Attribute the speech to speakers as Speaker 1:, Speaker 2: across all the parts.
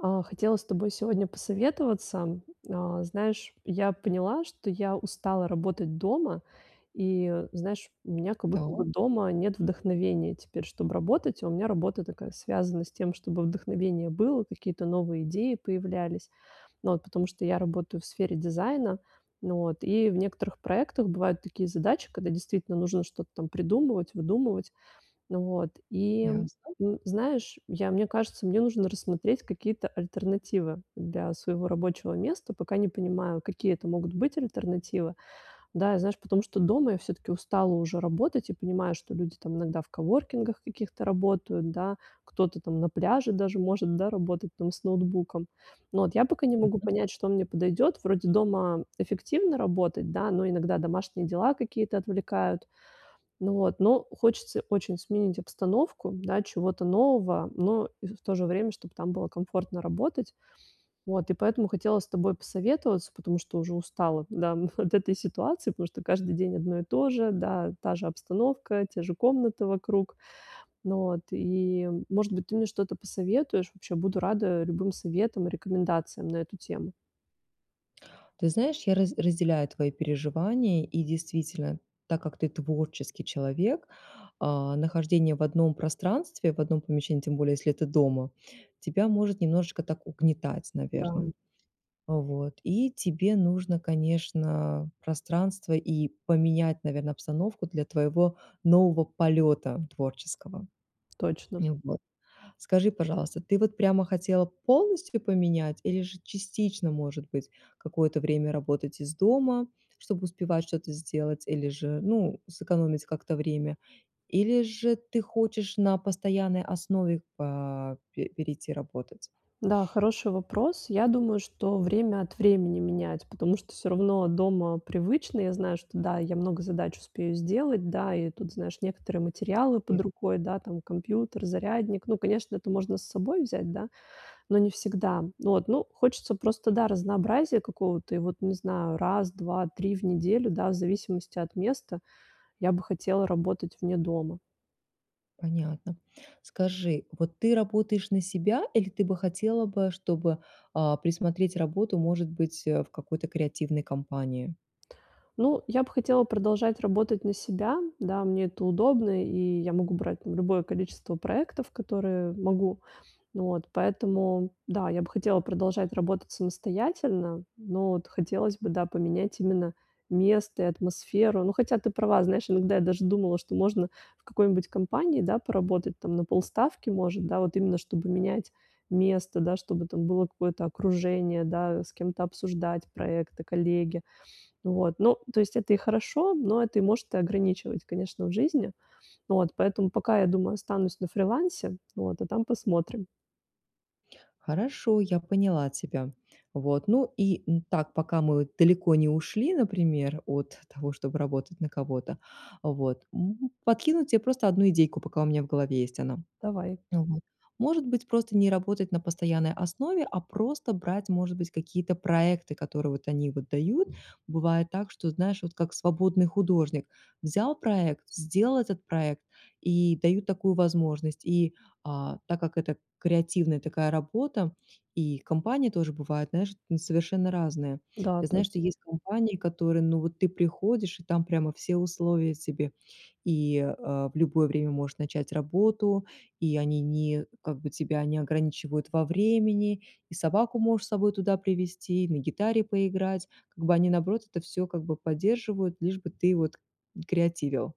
Speaker 1: А, хотела с тобой сегодня посоветоваться. А, знаешь, я поняла, что я устала работать дома. И знаешь, у меня как будто бы
Speaker 2: Так.
Speaker 1: дома нет вдохновения теперь, чтоб работать, а у меня работа такая, связана с тем, чтобы вдохновение было, какие-то новые идеи появлялись. Вот, потому что я работаю в сфере дизайна. Но вот, и в некоторых проектах бывают такие задачи, когда, действительно, нужно что-то там придумывать, выдумывать. Вот, и,
Speaker 2: Ясно.
Speaker 1: м, знаешь, я мне кажется, мне нужно рассмотреть какие-то альтернативы для своего рабочего места, пока не понимаю, какие это могут быть альтернативы. Да и, знаешь, потому что дома я всё-таки устала уже работать и понимаю, что люди там иногда в коворкингах каких-то работают, да, кто-то там на пляже даже может, да, работать там с ноутбуком. Но вот я пока не могу
Speaker 2: [unintelligible]
Speaker 1: понять, что мне подойдёт. Вроде дома эффективно работать, да, но иногда домашние дела какие-то отвлекают. Но вот, но хочется очень сменить обстановку, да, чего-то нового, но и в то же время, чтоб там было комфортно работать. Вот, и поэтому хотела с тобой посоветоваться, потому что уже устала, да, от этой ситуации, потому что каждый день одно и то же, да, та же обстановка, те же комнаты вокруг. Но вот, и, может быть, ты мне что-то посоветуешь, вообще, буду рада любым советам и рекомендациям на эту тему.
Speaker 2: Ты знаешь, я раз разделяю твои переживания, и действительно, так как ты творческий человек, э, нахождение в одном пространстве, в одном помещении, тем более, если это дома, тебя может немножечко так угнетать,
Speaker 1: Да.
Speaker 2: наверно. Вот, и тебе нужно, конечно, пространство и поменять, наверно, обстановку для твоего нового полета творческого.
Speaker 1: Точно.
Speaker 2: И вот. Скажи, пожалуйста, ты вот прямо хотела полностью поменять или же частично, может быть, какое-то время работать из дома, чтобы успевать что-то сделать, или же, ну, сэкономить как-то время? Или же ты хочешь на постоянной основе по пе перейти работать?
Speaker 1: Да, хороший вопрос. Я думаю, что время от времени менять, потому что всё равно дома привычно. Я знаю, что да, я много задач успею сделать, да, и тут, знаешь, некоторые материалы
Speaker 2: Э.
Speaker 1: под рукой, да, там, компьютер, зарядник. Ну, конечно, это можно с собой взять, да, но не всегда. Вот, ну, хочется просто, да, разнообразия какого-то. И вот, не знаю, раз, 2-3 в неделю, да, в зависимости от места, я бы хотела работать вне дома.
Speaker 2: Понятно. Скажи, вот ты работаешь на себя или ты бы хотела бы, чтобы, а, присмотреть работу, может быть, э, в какой-то креативной компании?
Speaker 1: Ну, я бы хотела продолжать работать на себя. Да, мне это удобно, и я могу брать, там, любое количество проектов, которые могу. Вот поэтому, да, я бы хотела продолжать работать самостоятельно, но вот хотелось, да, бы поменять именно место и атмосферу. Ну, хотя ты права, знаешь, иногда я даже думала, что можно в какой-нибудь компании, да, поработать, там, на полставки, может, да, вот именно чтобы менять место, да, чтобы это было какое-то окружение, да, с кем-то обсуждать проекты, коллеги. Вот. Ну то есть это и хорошо, но это и может ограничивать, конечно, в жизни. Вот. Поэтому пока, я думаю, останусь на фрилансе, вот. А там посмотрим.
Speaker 2: Хорошо, я поняла тебя. Вот, ну и, м, так, пока мы далеко не ушли, например, от того, чтобы работать на кого-то, вот, м, подкинуть те просто одну идейку, пока у меня в голове есть она
Speaker 1: Давай.
Speaker 2: Мгм. Может быть, просто не работать на постоянной основе, а просто брать, может быть, какие-то проекты, которые вот они вот дают. Бывает так, что, знаешь, вот как свободный художник: взял проект, сделал этот проект, и дают такую возможность, и, а, так как это креативная такая работа, и компании тоже бывают, знаешь, ну совершенно разные.
Speaker 1: Да,
Speaker 2: Я знаю,
Speaker 1: точно.
Speaker 2: что есть компании, которые, ну вот ты приходишь, и там прямо все условия тебе. И, э, в любое время можешь начать работу, и они не как бы тебя не ограничивают во времени, и собаку можешь с собой туда привести, и на гитаре поиграть. Как бы они, наоборот, это всё, как бы, поддерживают, лишь бы ты вот креативил.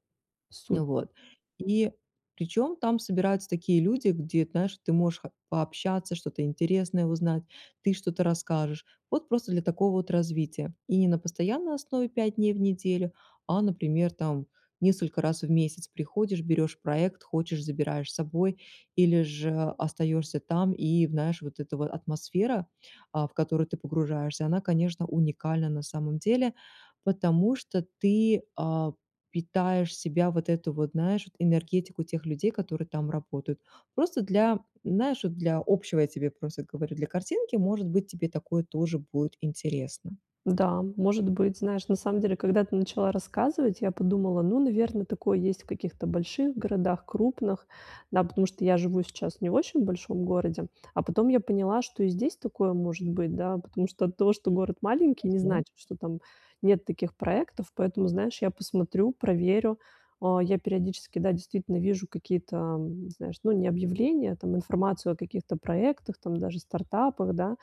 Speaker 1: Супер.
Speaker 2: Вот. И причём, там собираются такие люди, где, знаешь, ты можешь, как, пообщаться, что-то интересное узнать, ты что-то расскажешь. Вот просто для такого вот развития. И на постоянной основе 5 дней в неделю, а, например, там несколько раз в месяц приходишь, берешь проект, хочешь- забираешь с собой или же остаешься там, и в знаешь, вот эта ва атмосфера, а, в которую ты погружаешься, она, конечно, уникальна на самом деле, потому что ты, а, питаешь себя вот эту вот, знаешь, вот энергетику тех людей, которые там работают. Просто для м, вот знаешь, для общего я просто тебе говорю, для картинки, может быть, тебе такое тоже будет интересно.
Speaker 1: Да, может быть, знаешь, на самом деле, когда ты начала рассказывать, я подумала: "Ну, наверно, такое есть в каких-то больших городах крупных". Да, потому что я живу сейчас в не очень большом городе. А потом я поняла, что и здесь такое может быть, да, потому что от того, что город маленький, не
Speaker 2: [unintelligible] .
Speaker 1: значит, что там нет таких проектов, поэтому, знаешь, я посмотрю, проверю. А, я периодически, да, действительно вижу какие-то, м, знаешь, ну, не объявления, там, информацию о каких-то проектах, там, даже стартапах, да.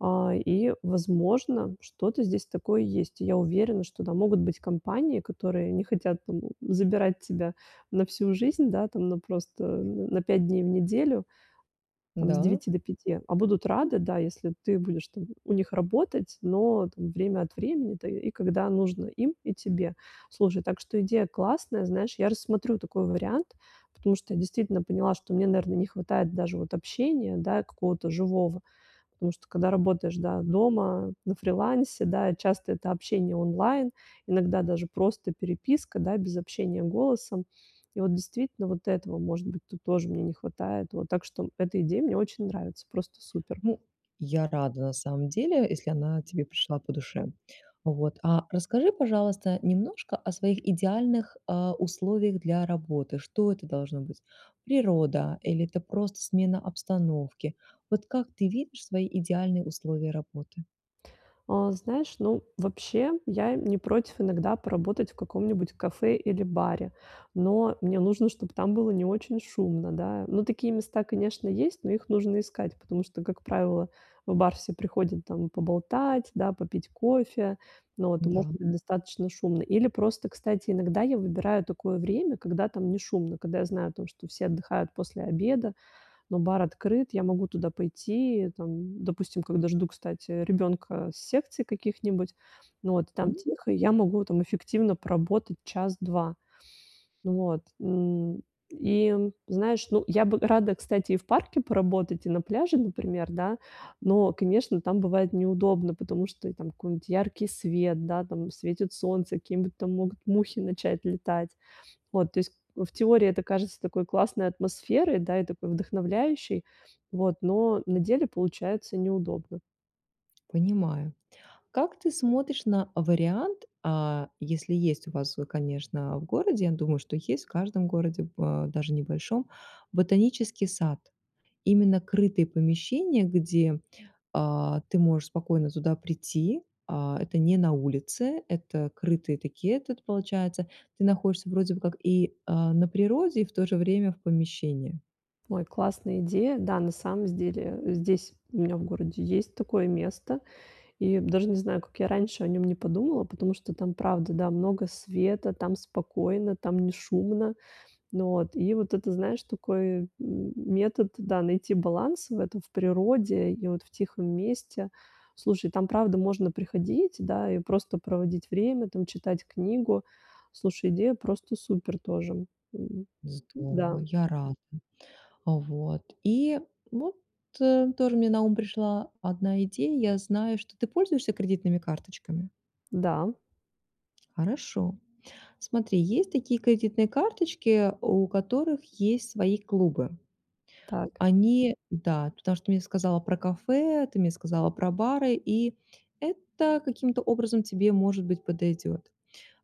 Speaker 1: А, и, возможно, что-то здесь такое есть. И я уверена, что, да, могут быть компании, которые не хотят там забирать тебя на всю жизнь, да, там, на просто, э, на 5 дней в неделю, там, с
Speaker 2: Да?
Speaker 1: 9 до 5, а будут рады, да, если ты будешь там у них работать, но там время от времени, да, и когда нужно им и тебе. Слушай, так что идея классная, знаешь, я рассмотрю такой вариант, потому что я действительно поняла, что мне, наверно, не хватает даже вот общения, да, какого-то живого. Потому что когда работаешь, да, дома, на фрилансе, да, часто это общение онлайн, иногда даже просто переписка, да, без общения голосом. И вот действительно вот этого, может быть, тут тоже мне не хватает вот. Так что эта идея мне очень нравится. Просто супер.
Speaker 2: Ну, я рада, на самом деле, если она тебе пришла по душе. Вот, а расскажи, пожалуйста, немножко о своих идеальных, а, условиях для работы. Что это должно быть? Природа или это просто смена обстановки? Вот как ты видишь свои идеальные условия работы?
Speaker 1: А, знаешь, ну, вообще, я, э, не против иногда поработать в каком-нибудь кафе или баре, но мне нужно, чтобы там было не очень шумно, да. Ну, такие места, конечно, есть, но их нужно искать, потому что, как правило, в бар все приходят там поболтать, да, попить кофе, ну вот, и может
Speaker 2: Да.
Speaker 1: быть достаточно шумно. Или просто, кстати, иногда я выбираю такое время, когда там не шумно, когда я знаю о том, что все отдыхают после обеда, но бар открыт, я могу туда пойти, там, допустим, когда жду, кстати, ребёнка с секций каких-нибудь, ну вот, там
Speaker 2: М.
Speaker 1: тихо, я могу там эффективно поработать час-два. Вот, м, и, знаешь, ну, я бы рада, кстати, и в парке поработать, и на пляже, например, да, но, конечно, там бывает неудобно, потому что, и там какой-нибудь яркий свет, да, там светит солнце, какие-нибудь там могут мухи начать летать. Вот, то есть, э, в теории, это кажется такой классной атмосферой, да, и такой вдохновляющей. Вот. Но на деле получается неудобно.
Speaker 2: Понимаю. Как ты смотришь на вариант, а, если есть у вас, э, конечно, в городе, я думаю, что есть в каждом городе, б э, даже небольшом, ботанический сад? Именно крытые помещения, где, а, ты можешь спокойно туда прийти. А, это не на улице, это крытые такие и этот, получается. Ты находишься вроде бы как и, а, на природе, и в то же время в помещении.
Speaker 1: Ой, классная идея. Да, на самом с деле, здесь у меня в городе есть такое место. И даже не знаю, как я раньше о нём не подумала, потому что там, правда, да, много света, там спокойно, там не шумно. Ну вот, и вот это, знаешь, такой, м, метод, да, найти баланс в этом, в природе и вот в тихом месте. Слушай, там правда можно приходить, да, и просто проводить время, там, читать книгу. Слушай, идея просто супер тоже, м. М,
Speaker 2: Здорово,
Speaker 1: да.
Speaker 2: я рада. А, вот и, ну, т тоже мне на ум пришла одна идея. Я знаю, что ты пользуешься кредитными карточками?
Speaker 1: Да.
Speaker 2: Хорошо. Смотри, есть такие кредитные карточки, у которых есть свои клубы.
Speaker 1: Так.
Speaker 2: Они да, потому что ты мне сказала про кафе, ты мне сказала про бары, и это каким-то образом тебе, может быть, подойдёт.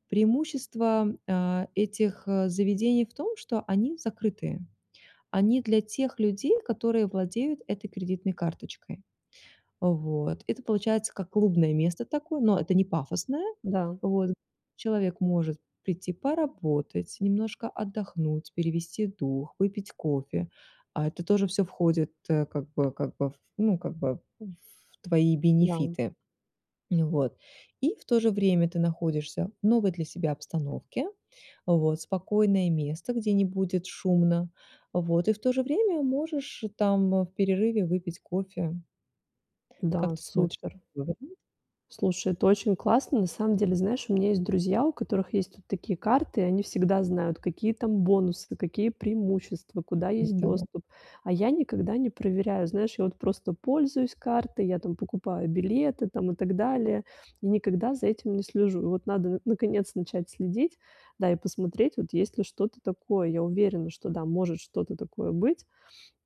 Speaker 2: Преимущество, а, этих заведений в том, что они закрытые. Они для тех людей, которые владеют этой кредитной карточкой. Вот, это получается как клубное место такое, но это не пафосное.
Speaker 1: Да.
Speaker 2: Вот, человек может прийти поработать, немножко отдохнуть, перевести дух, выпить кофе. А это тоже всё входит, э, как бы как бы, в ну, как бы, в твои
Speaker 1: Да.
Speaker 2: бенефиты. Ну вот, и в то же время ты находишься в новой для себя обстановке, вот, спокойное место, где не будет шумно, вот, и в то же время можешь там в перерыве выпить кофе.
Speaker 1: Да,
Speaker 2: Как ты смотришь
Speaker 1: супер.
Speaker 2: на такой вариант?
Speaker 1: Слушай, это очень классно. На самом деле, знаешь, у меня есть друзья, у которых есть вот такие карты, и они всегда знают, какие там бонусы, какие преимущества, куда
Speaker 2: Ну
Speaker 1: есть
Speaker 2: да.
Speaker 1: доступ. А я никогда не проверяю, знаешь, я вот просто пользуюсь картой, я там покупаю билеты там и так далее, и никогда за этим не слежу. И вот надо, наконец, начать следить, да, и посмотреть, вот есть ли что-то такое. Я уверена, что, да, может что-то такое быть.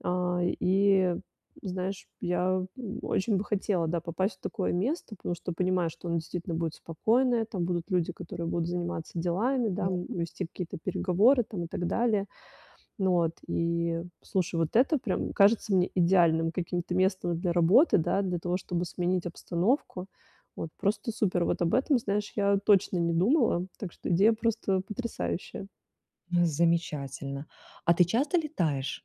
Speaker 1: А, и, знаешь, я очень бы хотела, да, попасть в такое место, потому что понимаю, что оно действительно будет спокойное, там будут люди, которые будут заниматься делами, да,
Speaker 2: [unintelligible]
Speaker 1: вести какие-то переговоры там и так далее. Ну вот, и слушай, вот это прям кажется мне идеальным каким-то местом для работы, да, для того, чтобы сменить обстановку. Вот, просто супер, вот об этом, знаешь, я точно не думала. Так что идея просто потрясающая.
Speaker 2: Замечательно. А ты часто летаешь?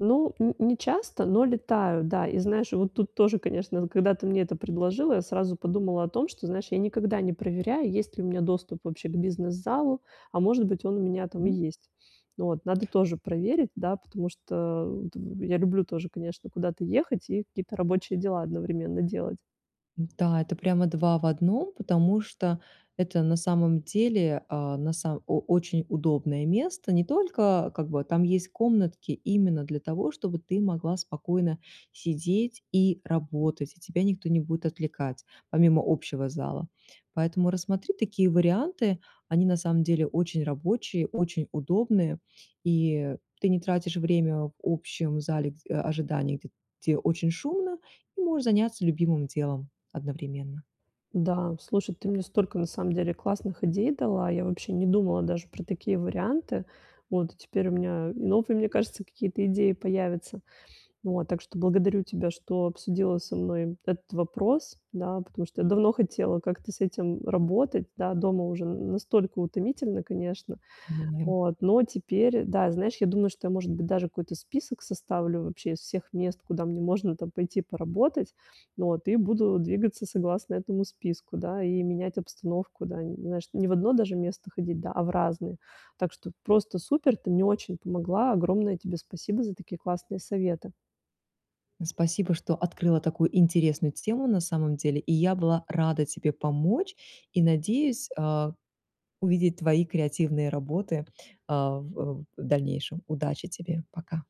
Speaker 1: Ну, ни не часто, но летаю, да. И знаешь, вот тут тоже, конечно, когда ты мне это предложила, я сразу подумала о том, что, знаешь, я никогда не проверяю, есть ли у меня доступ вообще к бизнес-залу, а, может быть, он у меня
Speaker 2: Так,
Speaker 1: там и
Speaker 2: м.
Speaker 1: есть. Вот, надо тоже проверить, да, потому что вот я люблю тоже, конечно, куда-то ехать и какие-то рабочие дела одновременно делать.
Speaker 2: Да, это прямо 2 в 1, потому что это на самом деле а, на само о очень удобное место. Не только, как бы там есть комнатки именно для того, чтобы ты могла спокойно сидеть и работать, и тебя никто не будет отвлекать, помимо общего зала. Поэтому рассмотри такие варианты, они на самом деле очень рабочие, очень удобные, и ты не тратишь время в общем зале гд ожидания, гд где очень шумно, и можешь заняться любимым делом одновременно.
Speaker 1: Да, слушай, ты мне столько на самом деле классных идей дала, я вообще не думала даже про такие варианты. Вот теперь у меня новые, мне кажется, какие-то идеи появятся. Вот так что благодарю тебя, что обсудила со мной этот вопрос, да, потому что я давно хотела как-то с этим работать, да, дома уже н настолько утомительно, конечно.
Speaker 2: [unintelligible]
Speaker 1: Вот, но теперь, да, знаешь, я думаю, что я, может быть, даже какой-то список составлю вообще из всех мест, куда мне можно там пойти поработать, вот, и буду двигаться согласно этому списку, да, и менять обстановку, да, знаешь, не в одно даже место ходить, да, а в разные. Так что просто супер. Ты мне очень помогла. Огромное тебе спасибо за такие классные советы.
Speaker 2: Спасибо, что открыла такую интересную тему, на самом деле, и я была рада тебе помочь, и надеюсь, а, увидеть твои креативные работы, а, в в дальнейшем. Удачи тебе, пока!